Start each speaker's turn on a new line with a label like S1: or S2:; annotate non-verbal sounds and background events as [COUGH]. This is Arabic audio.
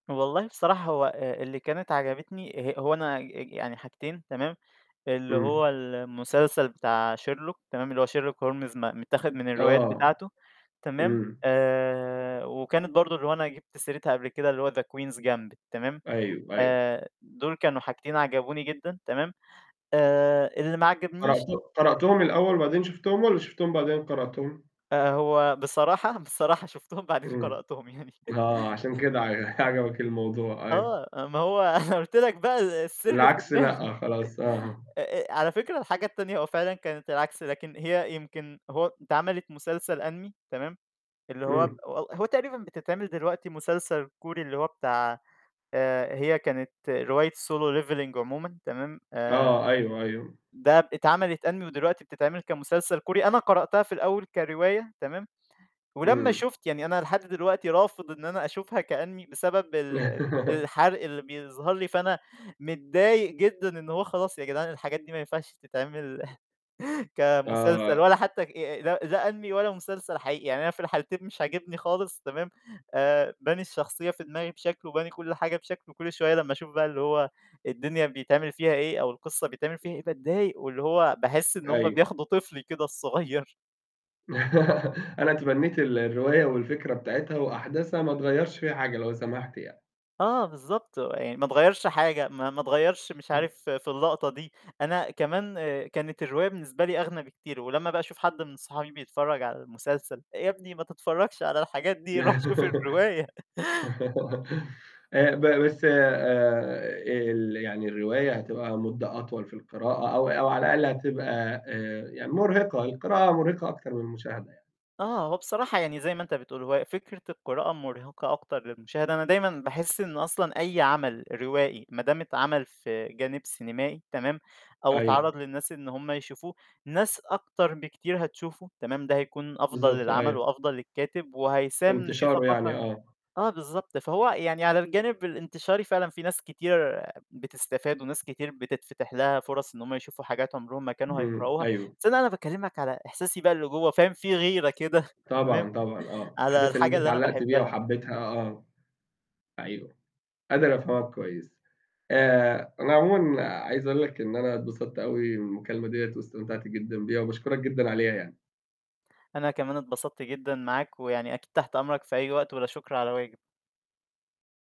S1: والله بصراحة هو آآ، اللي كانت عجبتني ه هو أنا أج أج يعني حاجتين تمام، اللي
S2: إمم.
S1: هو المسلسل بتاع Sherlock تمام اللي هو Sherlock Holmes م متّاخد من الروايات
S2: آه.
S1: بتاعته تمام،
S2: إمم.
S1: آآ، وكانت برضه اللي هو أنا جبت سيرتها قبل كده اللي هو The Queen's Gambit تمام،
S2: أيوه، أيوه.
S1: آآ دول كانوا حاجتين عَجَبوني جدًا تمام، آآ اللي ما عَجَبنيش
S2: قرأت قرأتهم الأول بعدين شُفتهم والّا شُفتهم بعدين قرأتهم؟
S1: آآ، هو بصراحة، بصراحة شوفتهم بعدين
S2: إمم.
S1: قرأتهم يعني.
S2: آه، عشان كده ع
S1: [CHUCKLES]
S2: [CHUCKLES] عجبك الموضوع أيوه.
S1: آه، آآ ما هو [CHUCKLES] قُلت لك بقى السِر في
S2: العكس
S1: دماغي.
S2: لأ، خلاص
S1: [CHUCKLES]
S2: آه.
S1: آآ آآ، على فكرة الحاجة التانية هو فعلًا كانت العكس لكن هي يمكن هو اتعملت مسلسل Anime تمام، اللي هو ب
S2: إمم.
S1: هو هو تقريبًا بتتعمل دلوقتي مسلسل كوري اللي هو بتاع آآ، هي كانت رواية Solo Leveling عمومًا تمام، آآ
S2: آه، أيوه، أيوه.
S1: ده ب اتعمل Anime ودلوقتي بتتعمل كمسلسل كوري أنا قرأتها في الأول كرواية تمام، ولمّا
S2: إمم.
S1: شُفت يعني أنا لحد دلوقتي رافض إن أنا أشوفها كAnime بسبب ال ال
S2: [LAUGHS]
S1: الحرق اللي بيظهر لي، فأنا متضايق جدًا إن هو خلاص يا جدعان الحاجات دي ما ينفعش تتعمل [CHUCKLES] كمسلسل
S2: آه.
S1: ولا حتى ك آآ، لا، لا Anime ولا مسلسل حقيقي، يعني أنا في الحالتين مش عاجبني خالص تمام، آآ باني الشخصية في دماغي بشكل وباني كل حاجة بشكل وكل شوية لمّا أشوف بقى اللي هو الدنيا بيتعمل فيها إيه أو القصة بيتعمل فيها إيه باتضايق واللي هو باحس إن هم
S2: أيوه.
S1: بياخدوا طِفلي كده الصغيّر.
S2: [LAUGHS] أنا اتمنّيت ال الرواية والفكرة بتاعتها وأحداثها ما تغيّرش فيها حاجة لو سمحت يعني.
S1: آه بالضبط، هو يعني ما اتغيّرش حاجة ما ما اتغيّرش مش
S2: إمم.
S1: عارف في اللقطة دي. أنا كمان كانت الرواية بالنسبة لي أغنى بكتير ولمّا بقى أشوف حد من أصحابي بيتفرّج على المسلسل، "يا ابني ما تتفرّجش على الحاجات دي روح شوف
S2: [LAUGHS]
S1: الرواية." [CHUCKLES]
S2: آآ ب بس آآ ال يعني الرواية هتبقى مدّة أطول في القراءة أو أو على الأقل هتبقى آآ، يعني مُرهِقة، القراءة مُرهِقة أكتر من المشاهدة يع
S1: آه، هو بصراحة يعني زي ما أنت بتقول، هو فكرة القراءة مُرهقة أكتر للمشاهد، أنا دايمًا باحس إن أصلًا أي عمل روائي ما دام اتعمل في جانب سينمائي تمام، أو
S2: أيوه.
S1: اتعرض للناس إن هم يشوفوه، ناس أكتر بكتير هتشوفه تمام، ده هيكون أفضل
S2: بالضبط،
S1: للعمل
S2: أيوه.
S1: وأفضل للكاتب
S2: في
S1: وهيساهم في
S2: انتشاره يعني،
S1: ثقافة
S2: آه.
S1: آه بالضبط، فهو يعني على الجانب الانتشاري فعلًا في ناس كتير بتستفاد وناس كتير بتتفتح لها فرص إن هم يشوفوا حاجات عُمرهم ما كانوا
S2: إمم،
S1: هيقرأوها،
S2: أيوه.
S1: بس هنا أنا باكلّمك على إحساسي بقى اللي جوّا فاهم في غيرة كده تمام،
S2: طبعًا، طبعًا
S1: [CHUCKLES]
S2: آه،
S1: على
S2: أحداث اللي أنت
S1: الحاجة اللي أنا
S2: اتعلّقت بيها
S1: باحبها.
S2: وحبّيتها آه. أيوه، قادر أفهمك كويس. آآ، أنا عمومًا عايز أقول لك إن أنا اتبسط أوي من المكالمة دِيّة واستمتعت جدًا بيها وباشكُرك جدًا عليها يعني.
S1: أنا كمان اتبسطت جدًا معاك، ويعني أكيد تحت أمرك في أي وقت ولا شكرًا على واجب.